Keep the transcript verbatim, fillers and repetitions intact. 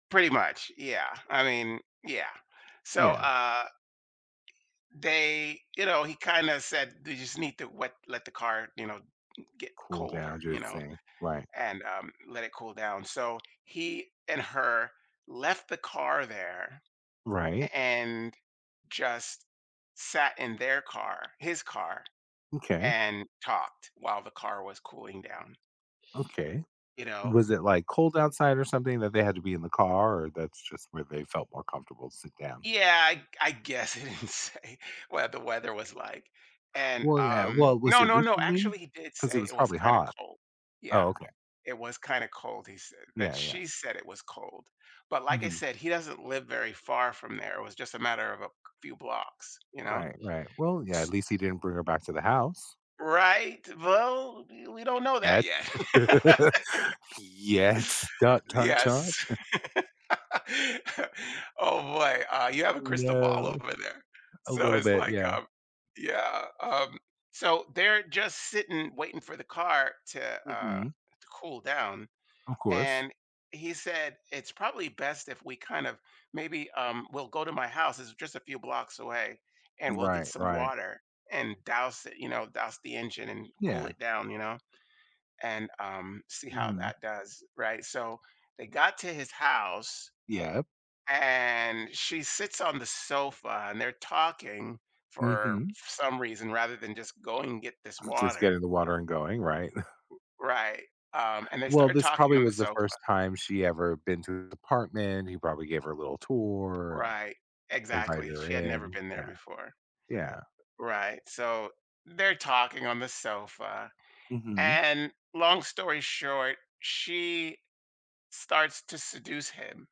Pretty much, yeah, I mean yeah. So, Yeah. uh They you know, he kinda said, they just need to what let the car, you know, get Cool colder, down, you just know, seeing Right. and, um, let it cool down. So he and her left the car there, Right. a and just sat in their car his car, M'kay. and talked while the car was cooling down. Okay. You know Was it, like, cold outside or something that they had to be in the car or that's just where they felt more comfortable to sit down? Yeah, I g I guess, he didn't say what the weather was like. And, Well, yeah. um Well, was no, it no, no, recently? actually, he did 'Cause it say was it was probably kinda hot. cold. Yeah. Oh, okay. It was kinda cold, he said that Yeah, yeah. she said it was cold. But like I Mhm. said, he doesn't live very far from there. It was just a matter of a c few blocks. You know, Right, right. Well, yeah, at s least he didn't bring her back to the house. Right? Well, we don't know that Yet. yet. Yet. Dot, dot, dot. Yes. Oh, boy, uh, you have a crystal ball No. over there. A So, little it's, bit, like, yeah. um Yeah. Um, so they're just sitting waiting for the car to, uh, Mhm. to cool down, Of course. and he said, "It's probably best if we kind of maybe, um, we'll go to my house. It's just a few blocks away and we'll get Right, some right. water," and doused it, you know, douse the engine and cool Yeah. it down, you know, and, um, see how Mhm. that does, right, so they got to his house Yep. and she sits on the sofa and they're talking for Mhm. some reason rather than just going and get this Just water getting the water and going, right. R right, um, and they Well, started this talking probably on the was the sofa. first time she ever been to the apartment. He probably gave her a little tour, Right. and invited Exactly, her she had never in. been there Yeah. before. Yeah. Right. So, they're talking on the sofa Mhm. and long story short, she starts to seduce him.